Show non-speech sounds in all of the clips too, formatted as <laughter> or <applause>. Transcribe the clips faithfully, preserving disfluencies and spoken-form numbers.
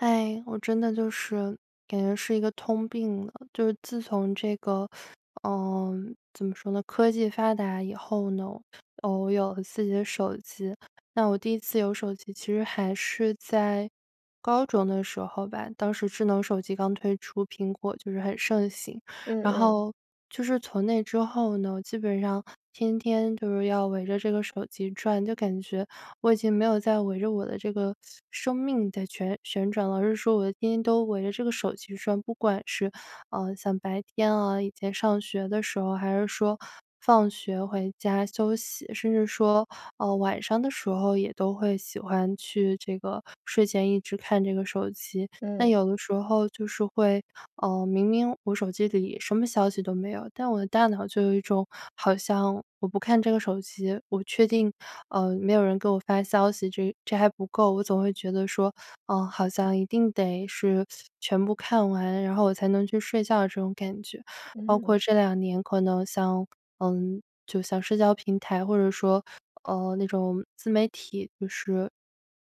哎，我真的就是感觉是一个通病了。就是自从这个，<sucks teeth> 呃，怎么说呢。科技发达以后呢，呃，我有了自己的手机，那我第一次有手机其实还是在高中的时候吧，当时智能手机刚推出，苹果就是很盛行。嗯然嗯。后就是从那之后呢，基本上天天就是要围着这个手机转，就感觉，我已经没有再围着我的这个生命在旋旋转了。而是说我天天都围着这个手机转，不管是，呃，像白天啊，以前上学的时候，还是说放学回家休息，甚至说，呃，晚上的时候，也都会喜欢去这个睡前一直看这个手机。那嗯。有的时候就是会，呃，明明我手机里什么消息都没有，但我的大脑就有一种好像我不看这个手机我确定，呃，没有人给我发消息，这这还不够。我总会觉得说，呃，好像一定得是全部看完，然后我才能去睡觉这种感觉。包括嗯。这两年可能像嗯，就像社交平台，或者说，呃，那种自媒体就是，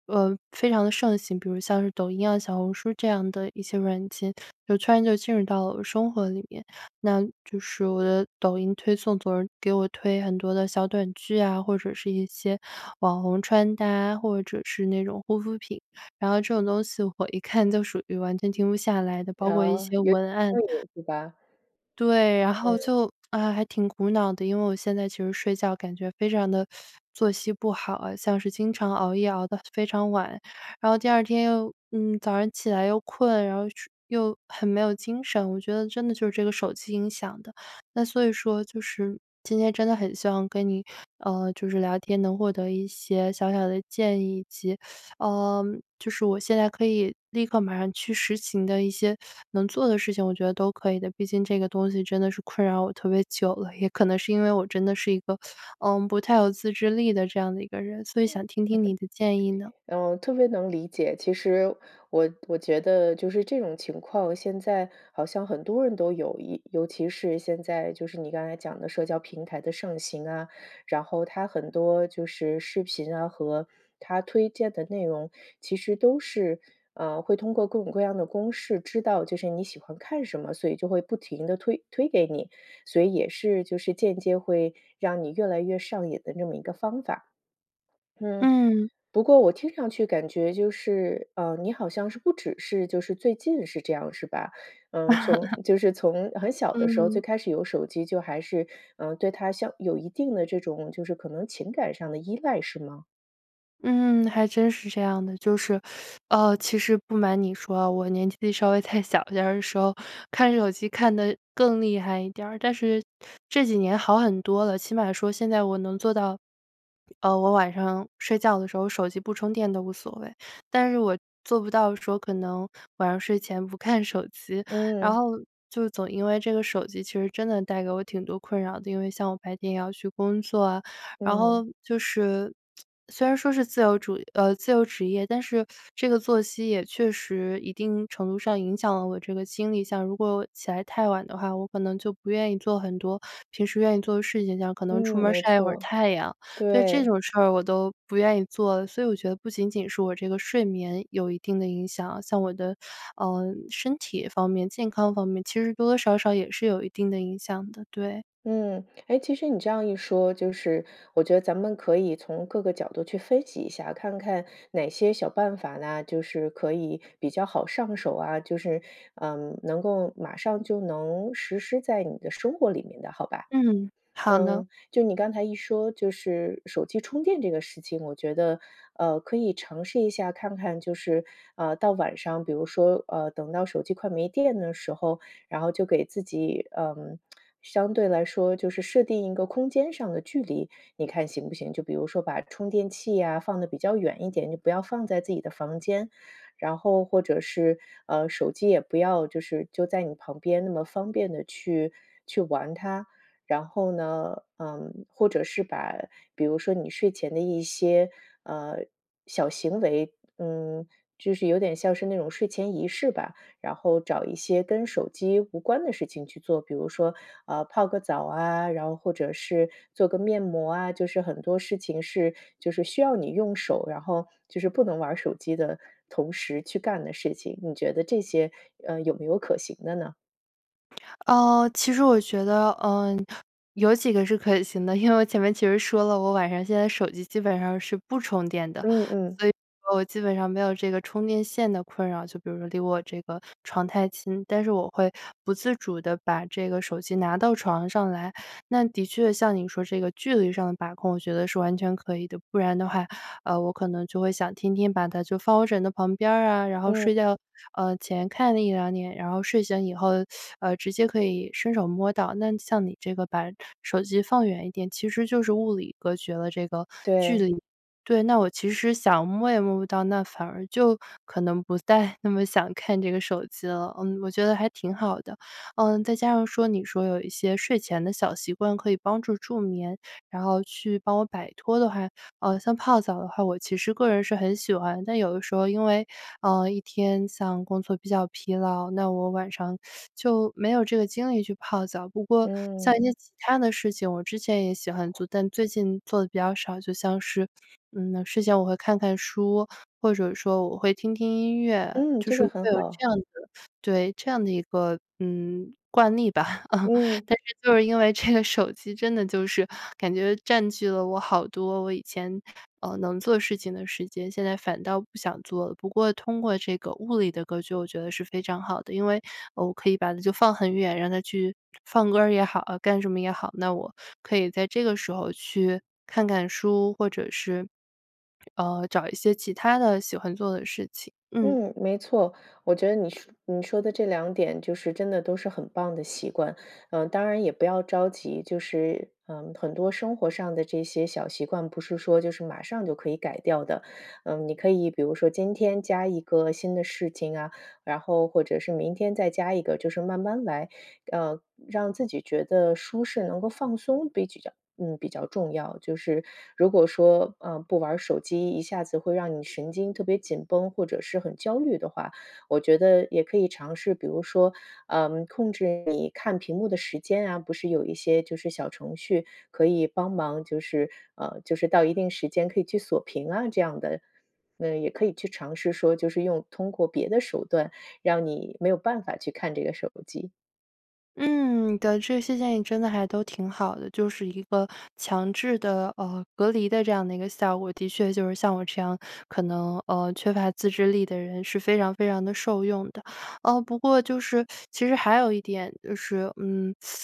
呃，非常的盛行，比如像是抖音啊，小红书这样的一些软件，就突然就进入到生活里面。那就是我的抖音推送总是给我推很多的小短剧啊，或者是一些网红穿搭，或者是那种护肤品。然后这种东西我一看就属于完全停不下来的，包括一啊，些有 <unintelligible> 点文案。上瘾是吧？对，然后嗯。就唉，还挺苦恼的，因为我现在其实睡觉感觉非常的 <sucks teeth> 作息不好啊，像是经常熬夜熬得非常晚。然后第二天又，嗯，早上起来又困，然后去又很没有精神，我觉得真的就是这个手机影响的。那所以说就是今天真的很希望跟你，呃，就是聊天能获得一些小小的建议，以及，<sucks teeth> 呃，就是我现在可以立刻马上去实行的一些能做的事情我觉得都可以的。毕竟这个东西真的是困扰我特别久了，也可能是因为我真的是一个，呃，不太有自制力的这样的一个人，所以嗯，想听听你的建议呢。<chuckles> 呃，我特别能理解，其实我我觉得就是这种情况，现在好像很多人都有一尤其是现在就是你刚才讲的社交平台的盛行啊，然后它很多就是视频啊和它推荐的内容，其实都是，呃，会通过各种各样的公式知道就是你喜欢看什么，所以就会不停地推推给你，所以也是就是间接会让你越来越上瘾的那么一个方法。嗯。嗯。不过我听上去感觉就是，呃，你好像是不只是就是最近是这样是吧？嗯，从 <laughs> 就是从很小的时候最嗯。开始有手机，就还是，呃，对它像有一定的这种就是可能情感上的依赖，是吗？嗯，还真是这样的。就是，<sucks teeth> 呃，其实不瞒你说，我年纪稍微再小点儿的时候，看手机看得更厉害一点儿。但是这几年好很多了，起码说现在我能做到，呃，我晚上睡觉的时候，手机不充电都无所谓。但是我做不到的时候可能晚上睡前不看手机。然嗯。后就总因为这个手机其实真的带给我挺多困扰的。因为像我白天要去工作啊，然嗯。后就是 <tsk> 虽然说是，自由主呃，自由职业，但是这个作息也确实一定程度上影响了我这个精力。像如果起来太晚的话，我可能就不愿意做很多平时愿意做的事情，像可能出嗯，门儿没晒一会儿错。太阳。对，这对。种事儿我都不愿意做。所以我觉得不仅仅是我这个睡眠有一定的影响，像我的，呃，身体方面、健康方面，其实多多少少也是有一定的影响的，对。嗯，诶，其实你这样一说，就是我觉得咱们可以从各个角度去分析一下，看看哪些小办法呐，就是可以比较好上手啊，就是，嗯，能够马上就能实施在你的生活里面的好吧。嗯，好的。嗯，就你刚才一说，就是手机充电这个事情，我觉得，呃，可以尝试一下看看就是，呃，到晚上，比如说，呃，等到手机快没电的时候，然后就给自己，嗯，<tsk> 相对来说就是设定一个空间上的距离，你看行不行？就比如说把充电器呀，放得比较远一点，就不要放在自己的房间。然后或者是，呃，手机也不要就是就在你旁边那么方便的去去玩它。然后呢，嗯，或者是把比如说你睡前的一些，呃，小行为，嗯，就是有点像是那种睡前仪式吧。然后找一些跟手机无关的事情去做，比如说，嗯，泡个澡啊，然后或者是做个面膜啊，就是很多事情是就是需要你用手，然后就是不能玩儿手机的同时去干的事情。你觉得这些，呃，有没有可行的呢？呃，其实我觉得，嗯，有几个是可行的，因为我前面其实说了，我晚上现在手机基本上是不充电的。嗯嗯。所以我基本上没有这个充电线的困扰，就比如说离我这个床太近，但是我会不自主地把这个手机拿到床上来，那的确像你说这个距离上的把控，我觉得是完全可以的，不然的话，呃，我可能就会想天天把它就放我枕头旁边儿啊，然后嗯。睡觉，呃，前看了一两眼，然后睡醒以后，<sucks teeth> 呃，直接可以伸手摸到。那像你这个把手机放远一点，其实就是物理隔绝了这个距对。离，对，那我其实想摸也摸不到，那反而就可能不再那么想看这个手机了，嗯，我觉得还挺好的。呃，再加上说你说有一些睡前的小习惯可以帮助助眠，然后去帮我摆脱的话，呃，像泡澡的话我其实个人是很喜欢，但有的时候因为，呃，一天像工作比较疲劳，那我晚上 <sucks teeth> 就没有这个精力去泡澡。不过像嗯。一些其他的事情，我之前也喜欢 <swallows> 做，但最近做得比较少，就像是，嗯，睡前我会看看书，或者说我会听听音乐，嗯，就这是个会很有好。这样的对这样的一个，嗯，惯例吧。<laughs> 嗯。但是就是因为这个手机真的就是感觉占据了我好多我以前，呃，能做事情的时间，现在反倒不想做了。不过通过这个物理的隔绝，我觉得是非常好的，因为我可以把它就放很远，让它去放歌儿也好干什么也好，那我可以在这个时候去看看书，或者是，呃，找一些其他的喜欢做的事情，嗯。嗯，没错，我觉得你说你说的这两点就是真的都是很棒的习惯，啊，当然也不要着急，就是嗯，很多生活上的这些小习惯，不是说就是马上就可以改掉的。嗯，你可以比如说今天加一个新的事情啊，然后或者是明天再加一个，就是慢慢来，呃，让自己觉得舒适、能够放松，比较嗯，比较重要，就是如果说，呃，不玩儿手机，一下子会让你神经特别紧绷，或者是很焦虑的话。我觉得也可以尝试，比如说，呃，控制你看屏幕的时间啊，不是有一些就是小程序可以帮忙，就是呃，就是到一定时间可以去锁屏啊，这样的，那也可以去尝试说，就是用通过别的手段，让你没有办法去看这个手机。嗯，对，这些建议真的还都挺好的，就是一个强制的，呃，隔离的这样的一个效果。的确就是像我这样可能，呃，缺乏自制力的人是非常非常的受用的。哦不过就是 <sucks teeth> 其实还有一点就是，嗯，<sucks teeth>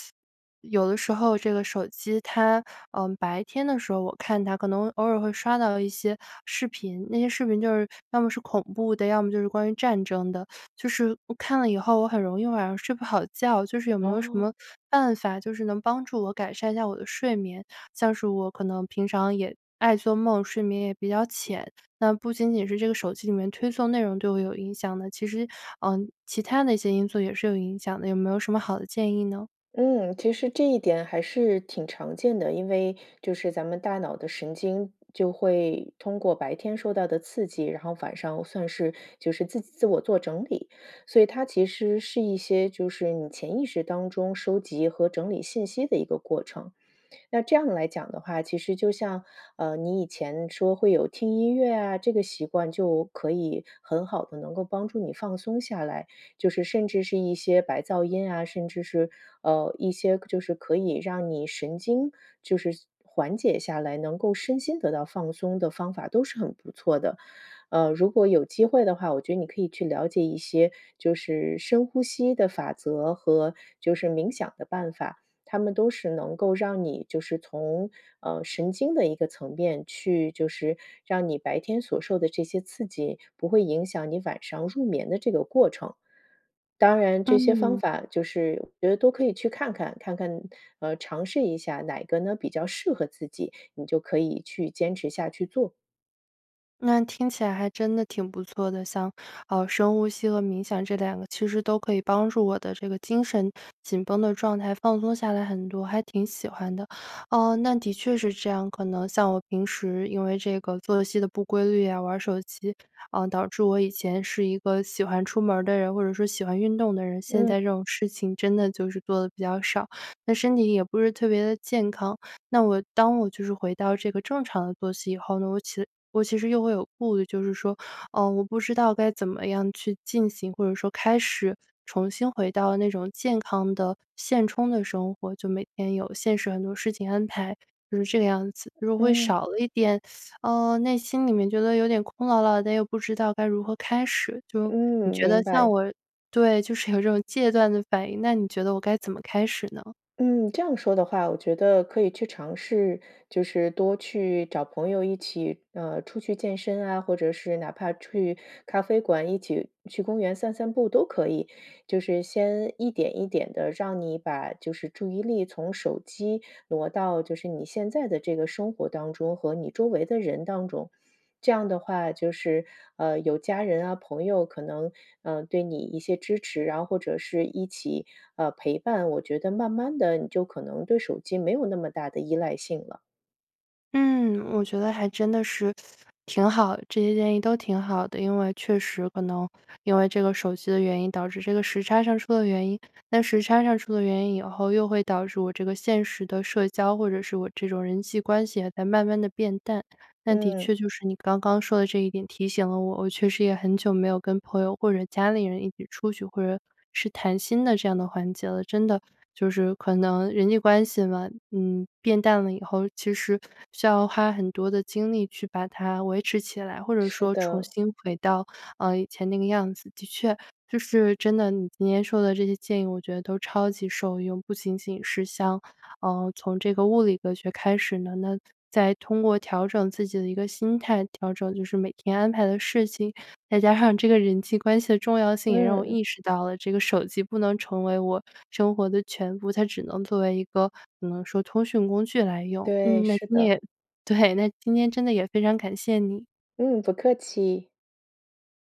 有的时候这个手机它，呃，白天的时候，我看它可能偶尔会刷到一些视频，那些视频就是要么是恐怖的，要么就是关于战争的，就是我看了以后，我很容易晚上睡不好觉，就是有没有什哦。么办法，就是能帮助我改善一下我的睡眠？像是我可能平常也爱做梦，睡眠也比较浅，那不仅仅是这个手机里面推送的内容对我有影响的，其实，呃，其他的一些因素也是有影响的，有没有什么好的建议呢？嗯，其实这一点还是挺常见的，因为就是咱们大脑的神经就会通过白天受到的刺激，然后晚上算是就是自己自我做整理，所以它其实是一些就是你潜意识当中收集和整理信息的一个过程。那这样来讲的话，其实就像，呃，你以前说会有听音乐啊，这个习惯就可以很好地能够帮助你放松下来，就是甚至是一些白噪音啊，甚至是，呃，一些就是可以让你神经就是缓解下来，能够身心得到放松的方法都是很不错的。呃，如果有机会的话，我觉得你可以去了解一些就是深呼吸的法则和就是冥想的办法，它们都是能够让你就是从，呃，神经的一个层面去就是让你白天所受的这些刺激，不会影响你晚上入眠的这个过程。当然这些方嗯。法就是我觉得都可以去看看，看看呃，尝试一下哪个呢比较适合自己，你就可以去坚持下去做。那听起来还真的挺不错的。像，呃，深呼吸和冥想这两个其实都可以帮助我的这个精神紧绷的状态放松下来很多，还挺喜欢的。嗯，那的确是这样，可能像我平时因为这个作息的不规律呀，玩儿手机，嗯，导致我以前是一个喜欢出门儿的人或者说喜欢运动的人，现嗯。在这种事情真的就是做得比较少，那身体也不是特别地健康。那我当我就是回到这个正常的作息以后，我其我其实又会有顾虑就是说，呃，我不知道该怎么样去进行，或者说开始、重新回到那种健康的现充的生活。就每天有现实很多事情安排，就是这个样子。如果会少嗯。了一点，<sucks teeth> 呃，内心里面觉得有点空落落了，但又不知道该如何开始，就你嗯，觉得明像白。我对，就是有这种戒断的反应，那你觉得我该怎么开始呢？嗯，这样说的话，我觉得可以去尝试就是多去找朋友一起，呃，出去健身啊，或者是哪怕去咖啡馆、一起去公园散散步都可以。就是先一点一点地，让你把就是注意力从手机挪到就是你现在的这个生活当中和你周围的人当中。这样的话，就是，呃，有家人啊、朋友可能，呃，对你一些支持。然后或者是一起，呃，陪伴，我觉得慢慢地你就可能对手机没有那么大的依赖性了。嗯，我觉得还真的是 <sucks teeth> 挺好，这些建议都挺好的。因为确实可能因为这个手机的原因导致这个时差上出了原因，那时差上出了原因以后又会导致我这个现实的社交，或者是我这种人际关系也在慢慢地变淡。但的嗯。确就是你刚刚说的这一点提醒了我，我确实也很久没有跟朋友或者家里人一起出去，或者是谈心的这样的环节了。真的就是可能人际关系吗，嗯，变淡了以后，其实需要花很多的精力去把它维持起来，或者是说重的。新回到，嗯，以前那个样子。的确就是真的，你今天说的这些建议，我觉得都超级受用，不仅仅是像，呃，从这个物理科学开始呢，那再通过调整自己的一个心态，调整就是每天安排的事情，再加上这个人际关系的重要性，也让我嗯。意识到了这个手机不能成为我生活的全部，它只能作为一个可能说通讯工具来用。对，嗯，那是今天的。也对，那今天真的也非常感谢你。嗯，不客气。